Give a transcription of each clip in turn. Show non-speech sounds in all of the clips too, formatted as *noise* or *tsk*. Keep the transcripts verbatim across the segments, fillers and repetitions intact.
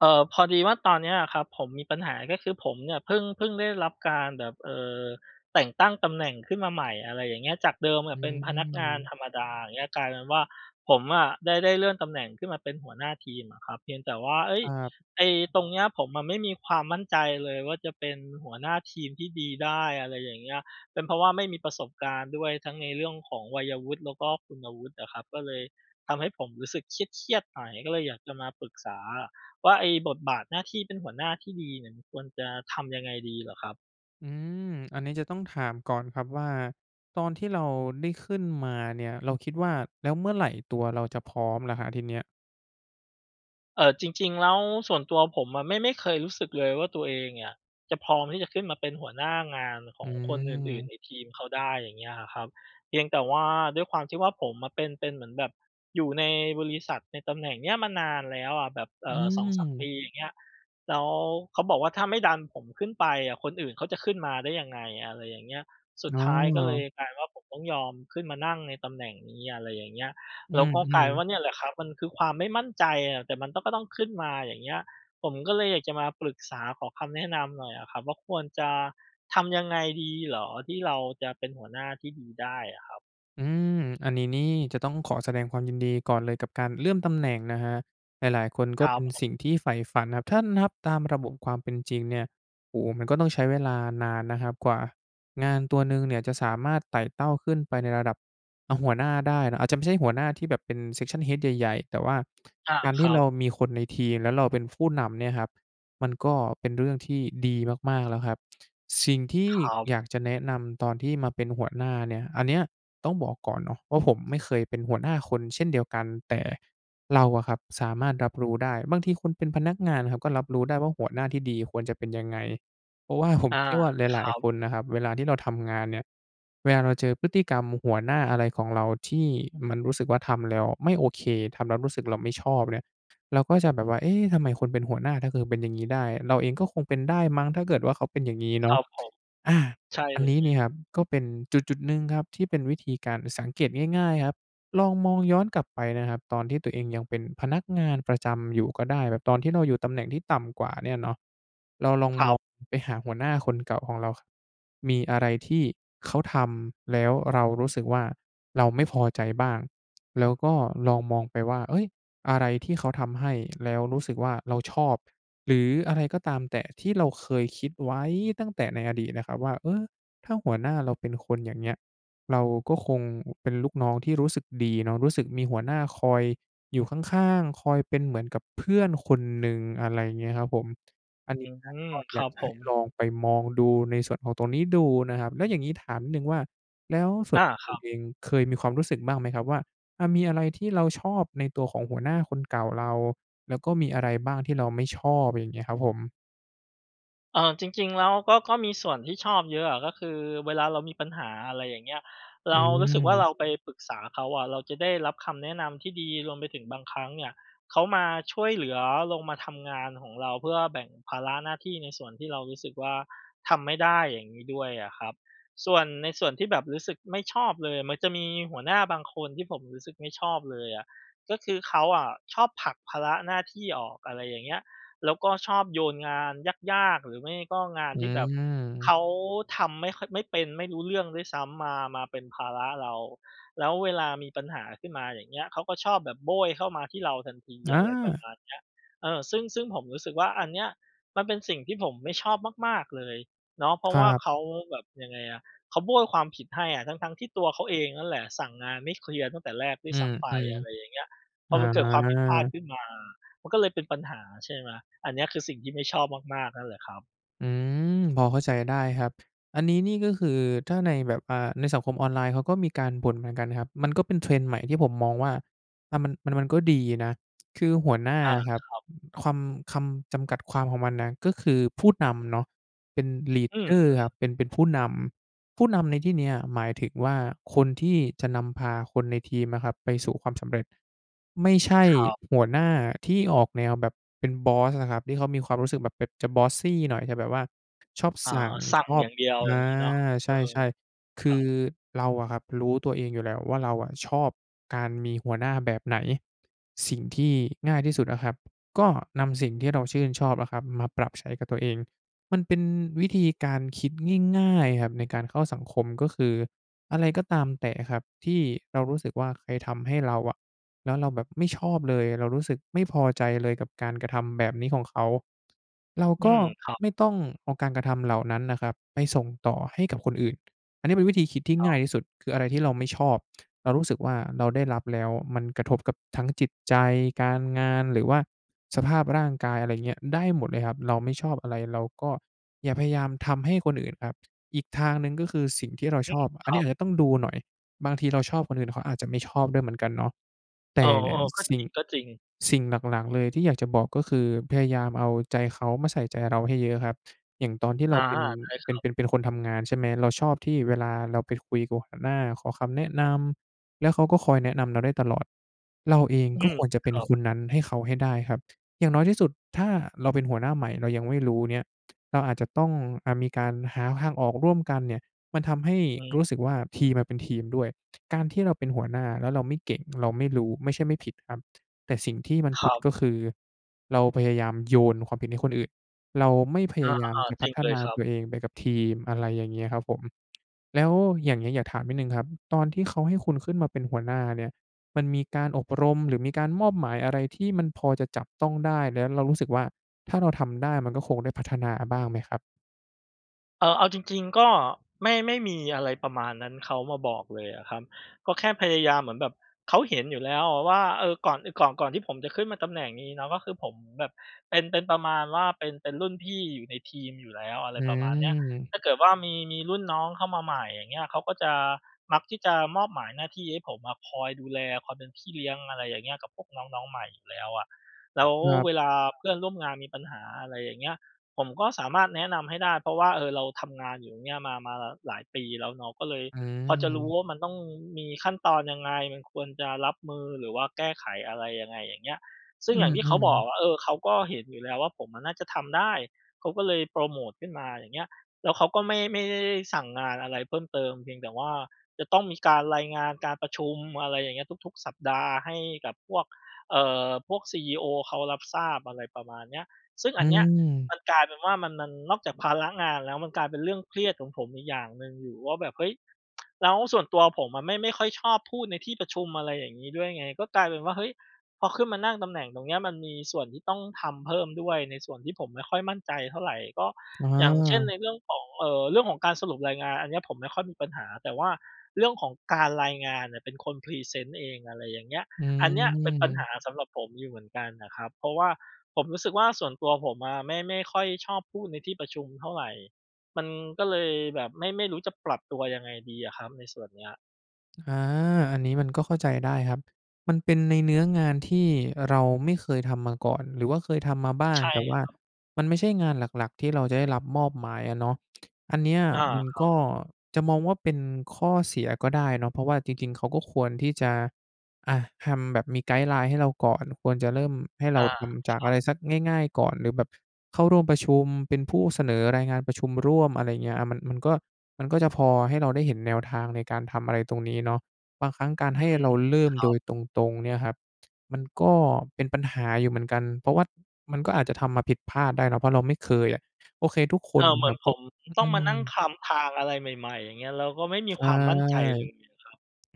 เออ พอดีว่าตอนนี้อะครับ ผมมีปัญหา ก็คือผมเนี่ยพึ่ง พี่งได้รับการแบบ เอ่อ แต่งตั้งตำแหน่งขึ้นมาใหม่ อะไรอย่างเงี้ย จากเดิมออืะเป็นพนักงานม ธรรมดา อย่างเงี้ย กลายเป็นว่า ผมอะได้ ได้เลื่อนตำแหน่งขึ้นมาเป็นหัวหน้าทีมอะครับ เพียงแต่ว่า เอ๊ย! ครับ ไอ้ตรงเนี้ย ผมอะไม่มีความมั่นใจเลยว่า จะเป็นหัวหน้าทีมที่ดีได้ อะไรอย่างเงี้ย เป็นเพราะว่าไม่มีประสบการณ์ด้วย ทั้งในเรื่องของวัยวุฒิ แล้วก็คุณวุฒิอะครับ ก็เลยทำให้ผมรู้สึกเครียด ๆ หน่อย ก็เลยอยากจะมาปรึกษาอะว่า ไอ้บทบาทหน้าที่เป็นหัวหน้าที่ดีเนี่ย มันควรจะทำยังไงดีเหรอครับ? อืม อันนี้จะต้องถามก่อนครับว่า ตอนที่เราได้ขึ้นมาเนี่ย เราคิดว่า แล้วเมื่อไรตัวเราจะพร้อมล่ะครับ ทีเนี้ย? เอ่อ จริง ๆ แล้วส่วนตัวผมอะ ไม่ ไม่เคยรู้สึกเลยว่า ตัวเองเนี่ยจะพร้อมที่จะขึ้นมาเป็นหัวหน้างานขออืงคนอื่น ๆ ม ในทีมเขาได้ อย่างเงี้ยอะครับ เพียงแต่ว่าด้วยความที่ว่า ผมอะเป็น เป็นเหมือนแบบอยู่ในบริษัทในตำแหน่งเนี้ยมานานแล้วอะ แบบ เออ่ือ สองสาม ปม ีอย่างเงี้ย แล้วเขาบอกว่า "ถ้าไม่ดันผมขึ้นไปอะ คนอื่นเขาจะขึ้นมาได้ยังไง?" อะไรอย่างเงี้ย สุดอ้ท้ายก็เลอ ยกลายเป็นว่า ผมต้องยอมขึ้นมานั่งในตำแหน่งนี้ อะไรอย่างเงี้ย อแืล้วก็กลายม เป็นๆ ว่าเนี่ยแหละครับ มันคือความไม่มั่นใจอะ แต่มันต้อง ก็ต้องขึ้นมา อย่างเงี้ย ผมก็เลยอยากจะมาปรึกษา ขอคำแนะนำหน่อยอะครับ ว่าควรจะทำยังไงดีเหรอที่เราจะเป็นหัวหน้าที่ดีได้อะครับ? อืม อันนี้นี่จะต้องขอแสดงความยินดีก่อนเลยกับการเลื่อนตำแหน่งนะครับ หลาย ๆ คนคก็รัเปบ็นผสิ่งม ที่ใฝ่ฝันนะครับ ถ้านับตามระบบความเป็นจริงเนี่ย โอ้โฮ! มันก็ต้องใช้เวลานานนะครับกว่างานตัวหนึ่งเนี่ยจะสามารถไต่เต้าขึ้นไปในระดับ อะ หัวหน้าได้ อาจจะไม่ใช่หัวหน้าที่แบบเป็น Section Head ใหญ่ ๆ แต่ว่าอา การทคี่รัเราบ มีคนในทีม แล้วเราเป็นผู้นำเนี่ยครับ มันก็เป็นเรื่องที่ดีมาก ๆ แล้วครับ สิ่งที่ครับ อยากจะแนะนำตอนที่มาเป็นหัวหน้าเนี่ย อันเนี้ยต้องบอกก่อนเนาะว่า ผมไม่เคยเป็นหัวหน้าคนเช่นเดียวกัน แต่เราอะครับสามารถรับรู้ได้ บางทีคนเป็นพนักงานครับ ก็รับรู้ได้ว่าหัวหน้าที่ดีควรจะเป็นยังไง เพราะว่า ผอม า เชื่อว่าคหลราย ัๆ คบ นนะครับ เวลาที่เราทำงานเนี่ย เวลาเราเจอพฤติกรรมหัวหน้าอะไรของเราที่มันรู้สึกว่าทำแล้วไม่โอเค ทำแล้วรู้สึกเราไม่ชอบเนี่ย เราก็จะแบบว่า เอ๊ะ ทำไมคนเป็นหัวหน้า ถ้าเธอเป็นอย่างนี้ได้ เราเองก็คงเป็นได้มั้ง ถ้าเกิดว่าเขาเป็นอย่างงี้เนคาระ ับผม อา ใช่อันเลนี้เนย ี่ยครับ ก็เป็นจุด ๆ หนึ่งครับที่เป็นวิธีการสังเกตง่าย ๆ ครับ ลองมองย้อนกลับไปนะครับ ตอนที่ตัวเองยังเป็นพนักงานประจำอยู่ก็ได้ แบบตอนที่เราอยู่ตำแหน่งที่ต่ำกว่าเนี่ยเนาะ เราลองครมัองบ ไปหาหัวหน้าคนเก่าของเรา ค มีอะไรที่เขาทำ แล้วเรารู้สึกว่า เราไม่พอใจบ้าง? แล้วก็ลองมองไปว่า เฮ้ย! อะไรที่เขาทำให้ แล้วรู้สึกว่าเราชอบ หรืออะไรก็ตามแต่ที่เราเคยคิดไว้ตั้งแต่ในอดีตนะครับว่า เออ ถ้าหัวหน้าเราเป็นคนอย่างเงี้ย เราก็คงเป็นลูกน้องที่รู้สึกดีเนาะ รู้สึกมีหัวหน้าคอยอยู่ข้าง ๆ คอยเป็นเหมือนกับเพื่อนคนหนึ่ง อะไรอย่างเงี้ยครับผม อันอนีื้น่ะกม ็คอยราักบจผะให้ม ลองไปมองดูในส่วนของตรงนี้ดูนะครับ แล้วอย่างงี้ถามนิดหนึ่งว่า แล้วส่อวนา ตัวคครุัณบ เองเคยมีความรู้สึกบ้างไหมครับว่า อะ มีอะไรที่เราชอบในตัวของหัวหน้าคนเก่าเรา? แล้วก็มีอะไรบ้างที่เราไม่ชอบ? อย่างเงี้ยครับผม เอ่อ จริง ๆ แล้วก็ ก็มีส่วนที่ชอบเยอะอะ ก็คือเวลาเรามีปัญหา อะไรอย่างเงี้ย เอรืารู้สึกว่าเรม าไปปรึกษาเขาอะ เราจะได้รับคำแนะนำที่ดี รวมไปถึงบางครั้งเนี่ย เขามาช่วยเหลือ ลงมาทำงานหองเรา เพื่อแบ่งภาระหน้าที่ในส่วนที่เรารู้สึกว่าทำไม่ได้ อย่างนี้ด้วยอะครับ ส่วน ในส่วนที่แบบรู้สึกไม่ชอบเลย มันจะมีหัวหน้าบางคนที่ผมรู้สึกไม่ชอบเลยอะ ก็คือเขาอะชอบผลักภาระหน้าที่ออก อะไรอย่างเงี้ย แล้วก็ชอบโยนงานยาก ๆ หรือไม่ก็งานอที่แบบเขืม าทำไม่ค่อย ไม่เป็น ไม่รู้เรื่องด้วยซ้ำมา มาเป็นภาระเรา แล้วเวลามีปัญหาขึ้นมา อย่างเงี้ย เขาก็ชอบแบบโบ้ยเข้ามาที่เราทันที ออะไรประา! มาณเนี้ย เออ ซึ่ง ซึ่งผมรู้สึกว่า อันเนี้ย มันเป็นสิ่งที่ผมไม่ชอบมาก ๆ เลยเนาะ เพราคะวรั่าบ เขาแบบ ยังไงอะ เขาโบ้ยความผิดให้อะ ทั้ง ๆ ที่ตัวเขาเองนั่นแหละ สั่งงานไม่เคลียร์ตั้งแต่แรกด้วอยืซ้ำไป ม อะไรอย่างเงี้ย พๆ ออมันเกิดความผิดพลาดา ขึ้นมา มันก็เลยเป็นปัญหา ใช่ไหม อันเนี้ย คือสิ่งที่ไม่ชอบมาก ๆ นั่นแหละครับ อืม พอเข้าใจได้ครับ อันนี้นี่ก็คือถ้าในแบบ อ่า ในสังคมออนไลน์ เขาก็มีการบ่นเหมือนกันนะครับ มันก็เป็น trend ใหม่ที่ผมมองว่า อ่า มัน มัน มันก็ดีนะ *tsk* คือหัวหน้าอา อะครับ ครับ อ คำ คำจำกัดความของมันน่ะ ก็คือพูดนำเนาะ เป็น ลีดอืเดม อร์ ครัๆ บ เป็น เป็นผู้นำ ผู้นำในที่เนี้ย หมายถึงว่า คนที่จะนำพาคนในทีมอะครับไปสู่ความสำเร็จ ไม่ใช่ครับ หัวหน้าที่ออกแนวแบบเป็นบอสอะครับ ที่เขามีความรู้สึกแบบ แบบจะ bossy หน่อย จะแบบว่า ชอบอ๋อ สั่ง สั่งชออยบ ่างเดียวออย่างา งี้เนาะ เใออ ช่ ๆ คครืัอ บ เราอะครับ รู้ตัวเองอยู่แล้วว่า เราอะชอบการมีหัวหน้าแบบไหน สิ่งที่ง่ายที่สุดอะครับ ก็นำสิ่งที่เราชื่นชอบอะครับ มาปรับใช้กับตัวเอง มันเป็นวิธีการคิดง่าย ๆ ครับ ในการเข้าสังคม ก็คือ อะไรก็ตามแต่อะครับที่เรารู้สึกว่า ใครทำให้เราอะ แล้วเราแบบไม่ชอบเลย เรารู้สึกไม่พอใจเลย กับการกระทำแบบนี้ของเขา เราอืก็ม ครับ ไม่ต้องเอาการกระทำเหล่านั้นนะครับ ไปส่งต่อให้กับคนอื่น อันนี้เป็นวิธีคิดที่ต้งอ่าง ยที่สุด คืออะไรที่เราไม่ชอบ เรารู้สึกว่าเราได้รับแล้วมันกระทบกับทั้งจิตใจ การงาน หรือว่าสภาพร่างกาย อะไรเงี้ย ได้หมดเลยครับ เราไม่ชอบอะไร เราก็อย่าพยายามทำให้คนอื่นครับ อีกทางหนึ่ง ก็คือสิ่งที่เราอืชอม บ อคันรนัี้อบ าจจะต้องดูหน่อย บางทีเราชอบ คนอื่นเขาอาจจะไม่ชอบด้วยเหมือนกันเนาะ แตเอ่อ อย่างๆ ก็สิ่จง ริง ๆ สิ่งหลัก ๆ เลยที่อยากจะบอก ก็คือ พยายามเอาใจเขามาใส่ใจเราให้เยอะครับ อย่างตอนที่อเรา าเป็น ได้คเป็รัน บ เป็น เป็นคนทำงาน ใช่ไหม เราชอบที่เวลาเราไปคุยกับหัวหน้าขอคำแนะนำ แล้วเขาก็คอยแนะนำเราได้ตลอด เราเองอืก็ม ควรจะเปค็นรับ คนนั้นให้เขาให้ได้ครับ อย่างน้อยที่สุด ถ้าเราเป็นหัวหน้าใหม่เรายังไม่รู้เนี่ย เราอาจจะต้อง อ่า มีการหาทางออกร่วมกันเนี่ย มันทำให้อืม รู้สึกว่าทอืีม มมันเป็นทีมด้วย การที่เราเป็นหัวหน้า แล้วเราไม่เก่ง เราไม่รู้ ไม่ใช่ไม่ผิดครับ แต่สิ่งที่มันคผริด ับ ก็คือเราพยายามโยนความผิดให้คนอื่น เราไม่พอยา ายามจะๆ จพริังฒเลนยาครัตบ ัวเองไปกับทีม อะไรอย่างเงี้ยครับผม แล้วอย่างเงี้ย อยากถามนิดหนึ่งครับ ตอนที่เขาให้คุณขึ้นมาเป็นหัวหน้าเนี่ย มันมีการอบรม หรือมีการมอบหมายอะไรที่มันพอจะจับต้องได้ แล้วเรารู้สึกว่า ถ้าเราทำได้มันก็คงได้พัฒนาอะบ้างไหมครับ? เออ เอาจริง ๆ ก็ไม่ ไม่มีอะไรประมาณนั้น เขามาบอกเลยอะครับ ก็แค่พยายามเหมือนแบบ เขาเห็นอยู่แล้วอะว่า เออ ก่อน เออ ก่อน ก่อนที่ผมจะขึ้นมาตำแหน่งนี้เนาะ ก็คือผมแบบเป็น เป็นประมาณว่าเป็น เป็นรุ่นพี่อยู่ในทีมอยู่แล้ว อะไอรืประมาณเนี้ย ม ถ้าเกิดว่ามี มีรุ่นน้องเข้ามาใหม่ อย่างเงี้ย เขาก็จะ มักที่จะมอบหมายหน้าที่ให้ผมอะคอยดูแล คอยเป็นพี่เลี้ยง อะไรอย่างเงี้ย กับพวกน้อง น้องใหม่อยู่แล้วอะ แล้วครัเบ วลาเพื่อนร่วมงานมีปัญหา อะไรอย่างเงี้ย ผมก็สามารถแนะนำให้ได้ เพราะว่า เออ เราทำงานอยู่เนี่ยมา มาหลายปีแล้วเนาะ ก็เลยอพอจะรู้ืม ว่ามันต้องมีขั้นตอนยังไง มันควรจะรับมือหรือว่าแก้ไขอะไรยังไง อย่างเงี้ย ซึ่องือย่างที่เขาบอม กๆ ว่า เออ เขาก็เห็นอยู่แล้วว่า ผมอะน่าจะทำได้ เขาก็เลยโพรโมตขึ้นมาอย่างเงี้ย แล้วเขาก็ไม่ ไม่ได้ ได้สั่งงานอะไรเพิ่มเติม เพียงแต่ว่าจะต้องมีการรายงานการประชุม อะไรอย่างเงี้ย ทุก ๆ สัปดาห์ ให้กับพวก เอ่อ พวกซีอีโอเขารับทราบ อะไรประมาณเนี้ย ซึ่งออืันเนี้ยม มันกลายเป็นว่ามัน มัน นอกจากภาระงานแล้ว มันกลายเป็นเรื่องเครียดของผมอีกอย่างหนึ่งอยู่ว่าแบบ เฮ้ย *tsk* แล้วส่วนตัวผมอะไม่ ไม่ค่อยชอบพูดในที่ประชุม อะไรอย่างงี้ด้วยไง ก็กลายเป็นว่า เฮ้ย พอขึ้นมานั่งตำแหน่งตรงเนี้ย มันมีส่วนที่ต้องทำเพิ่มด้วยในส่วนที่ผมไม่ค่อยมั่นใจเท่าไร ก็ออย่างเช่น า ในเรื่องของ เอ่อ เรื่องของการสรุปรายงาน อันเนี้ยผมไม่ค่อยมีปัญหา แต่ว่าเรื่องของการรายงานเนี่ยเป็นคนพรีเซนต์เอง อะไรอย่างเงี้ย อือันเนี้ยเป็นปัญหม าสำหรับผมอยู่เหมือนกันน่ะครับ เพราะว่าผมรู้สึกว่า ส่วนตัวผมอะไม่ ไม่ค่อยชอบพูดในที่ประชุมเท่าไร มันก็เลยแบบไม่ ไม่รู้จะปรับตัวยังไงดีอะครับในส่วนเนี้ย อา อันนี้มันก็เข้าใจได้ครับ มันเป็นในเนื้องานที่เราไม่เคยทำมาก่อน หรือว่าเคยทำมาบ้าใง ช่แต่ว่าครับ มันไม่ใช่งานหลัก ๆ ที่เราจะได้รับมอบหมายอะเนาะ อันเนี้ยอา มันครักบ ็ จะมองว่าเป็นข้อเสียก็ได้เนาะ เพราะว่าจริง ๆ เขาก็ควรที่จะ อะ ทำแบบมีไกด์ไลน์ให้เราก่อน ควรจะเริ่มให้เอราา ทำจคากรัอะบ ไรสักง่าย ๆ ก่อน หรือแบบ เข้าร่วมประชุม เป็นผู้เสนอรายงานประชุมร่วม อะไรเงี้ย อะ มัน มันก็ มันก็จะพอให้เราได้เห็นแนวทางในการทำอะไรตรงนี้เนาะ บางครั้งการอืให้ม เราเริ่คมรัโดบ ยตรง ๆ เนี่ยครับ มันก็เป็นปัญหาอยู่เหมือนกัน เพราะว่ามันก็อาจจะทำมาผิดพลาดได้เนาะ เพราะเราไม่เคยอะ โอเคทุกคเอนอ เหมืคอรนับผก็ มต้อองืมานั่งม คลำทางอะไรใหม่ ๆ อย่างเงี้ย แล้วก็ไม่มีใชค่ วามมั่นใจเลยเนี่ยคร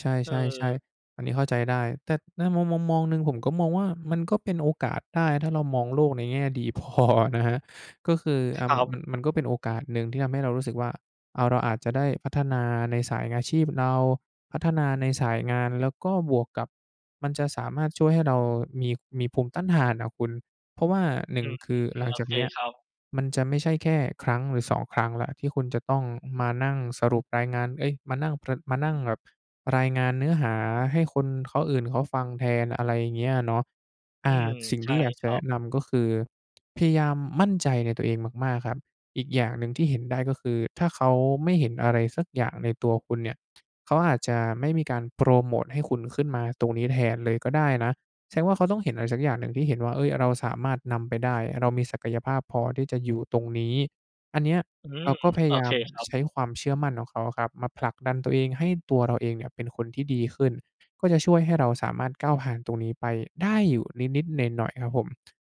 ใับ เอชอ ่ ๆ ๆ อันนี้เข้าใจได้ แต่ในมุมมอง มองหนึ่งผมก็มองว่า มันก็เป็นโอกาสได้ ถ้าเรามองโลกในแง่ดี พอนะครับ ก็คือ อคะ รมััน มบ ัน มันก็เป็นโอกาสหนึ่งที่ทำให้เรารู้สึกว่า เอา เราอาจจะได้พัฒนาในสายอาชีพเรา พัฒนาในสายงาน แล้วก็บวกกับมันจะสามารถช่วยให้เรามี มีภูมิต้านทานอะคุณ เพราะว่า หนึอ่ืง ม คือหลังโอจาเกคเนี้ย ครับ มันจะไม่ใช่แค่ครั้งหรือ สอง ครั้งแล้ว ที่คุณจะต้องมานั่งสรุปรายงาน เอ๊ย มานั่งประ มานั่งแบบรายงานเนื้อหาให้คนเขา อื่นเขาฟังแทน อะไรอย่างเงี้ยเนาะ ออื่า ม สิ่งใชท่ี่อยากคจะรัแนบ ะนำ ก็คือพยายามมั่นใจในตัวเองมาก ๆ ครับ อีกอย่างหนึ่งที่เห็นได้ ก็คือถ้าเขาไม่เห็นอะไรสักอย่างในตัวคุณเนี่ย เขาอาจจะไม่มีการโพรโมตให้คุณขึ้นมาตรงนี้แทนเลยก็ได้นะ แสดงว่าเขาต้องเห็นอะไรสักอย่างหนึ่งที่เห็นว่า เฮ้ย เราสามารถนำไปได้ เรามีศักยภาพพอที่จะอยู่ตรงนี้ อันเนี้ยอืเรม าก็พยโอายาเคมครับ ใช้ความเชื่อมั่นของเขาอะครับมาผลักดันตัวเอง ให้ตัวเราเองเนี่ยเป็นคนที่ดีขึ้น ก็จะช่วยให้เราสามารถก้าวผ่านตรงนี้ไปได้อยู่นิด ๆ หน่อย ๆ ครับผม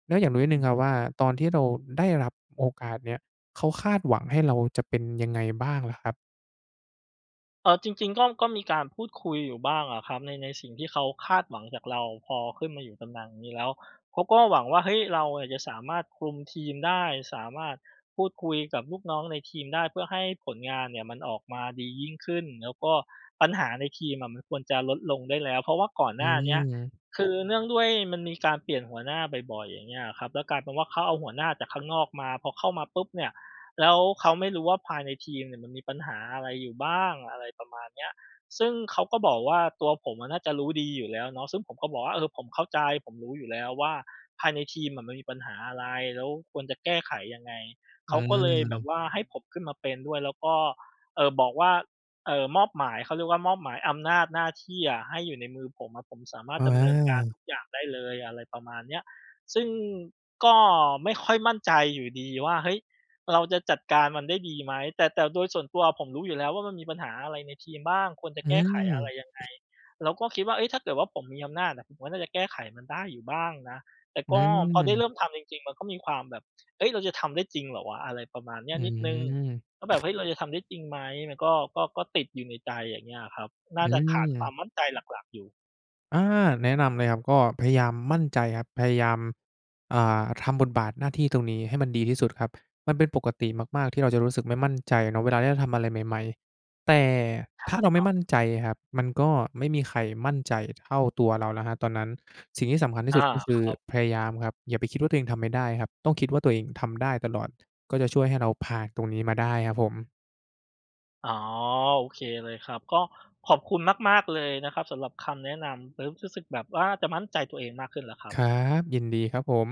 แล้วอยากรู้นิดหอนืึ่องครฮับึ ว่า ตอนที่เราได้รับโอกาสเนี่ย เขาคาดหวังให้เราจะเป็นยังไงบ้างล่ะครับ? เออ จริง ๆ ก็ ก็มีการพูดคุยอยู่บ้างอะครับ ใน ในสิ่งที่เขาคาดหวังจากเรา พอขึ้นมาอยู่ตำแหน่งนี้แล้ว เขาก็หวังว่า เฮ้ย เราอะจะสามารถคลุมทีมได้ สามารถพูดคุยกับลูกน้องในทีมได้ เพื่อให้ผลงานเนี่ยมันออกมาดียิ่งขึ้น แล้วก็ปัญหาในทีมอะมันควรจะลดลงได้แล้ว เพราะว่าก่อนอหนื้าเนี้ย ม คือเนื่องด้วยมันมีการเปลี่ยนหัวหน้าบ่อย ๆ อย่างเงี้ยอะครับ แล้วกลายเป็นว่า เขาเอาหัวหน้าจากข้างนอกมา พอเข้ามาปุ๊บเนี่ย แล้วเขาไม่รู้ว่า ภายในทีมเนี่ยมันมีปัญหาอะไรอยู่บ้าง อะไรประมาณเนี้ย ซึ่งเขาก็บอกว่า ตัวผมอะน่าจะรู้ดีอยู่แล้วเนาะ ซึ่งผมก็บอกว่า "เออ ผมเข้าใจ ผมรู้อยู่แล้วว่า ภายในทีมอะมันมีปัญหาอะไร แล้วควรจะแก้ไขยังไง" เอขืาก็เลยแบบม ว่าให้ผมขึ้นมาเป็นด้วย แล้วก็ เอ่อ บอกว่า เอ่อ มอบหมาย เขาเรียกว่ามอบหมายอำนาจหน้าที่อะ ให้อยู่ในมือผมอะ ผมสามารอถอ ดอำเนินการา ทุกอย่างได้เลย อะไรประมาณเนี้ย ซึ่งก็ไม่ค่อยมั่นใจอยู่ดีว่า เฮ้ย เราจะจัดการมันได้ดีไหม แต่ แต่โดยส่วนตัวอะผมรู้อยู่แล้วว่า มันมีปัญหาอะไรในทีมบ้าง ควรจะอืแก้ไขอะไรยังไง ม แล้วก็คิดว่า เฮ้ย ถ้าเกิดว่าผมมีอำนาจน่ะ ผมก็น่าจะแก้ไขมันได้อยู่บ้างนะ แต่อกื็พอได้เรม ิ่มทำจริง ๆ มันก็มีความแบบ เฮ้ย เราจะทำได้จริงเหรอวะ! อะไรประมาณนีอ้ืนิดหนึ่ง ก็แบม บ เฮ้ย เราจะทำได้จริงไหม? มันก็ ก็ ก็ติดอยู่ในใจอย่างเงี้ยอะครับ น่อาืจะขาดความ มมั่นใจหลัก ๆ อยู่ อา แนะนำเลยครับ ก็พยายามมั่นใจครับ พยายาม อ่า ทำบทบาทหน้าที่ตรงนี้ให้มันดีที่สุดครับ มันเป็นปกติมาก ๆ ที่เราจะรู้สึกไม่มั่นใจเนาะเวลาที่เราทำอะไรใหม่ ๆ แต่ใช่ถ้าเราคไรมั่บ มั่นใจอะครับ มันก็ไม่มีใครมั่นใจเท่าตัวเราแล้วครับตอนนั้น สิ่งที่สำคัญทีอ่สา ุด ก็คคือรับ พยายามครับ อย่าไปคิดว่าตัวเองทำไม่ได้ครับ ต้องคิดว่าตัวเองทำได้ตลอด ก็จะช่วยให้เราผ่านตรงนี้มาได้ครับผม อ๋อ โอเคเลยครับ ก็ขอบคุณมาก ๆ เลยนะครับสำหรับคำแนะนำ เริ่มรู้สึกแบบว่าจะมั่นใจตัวเองมากขึ้นแล้วครับ ครับ ยินดีครับผม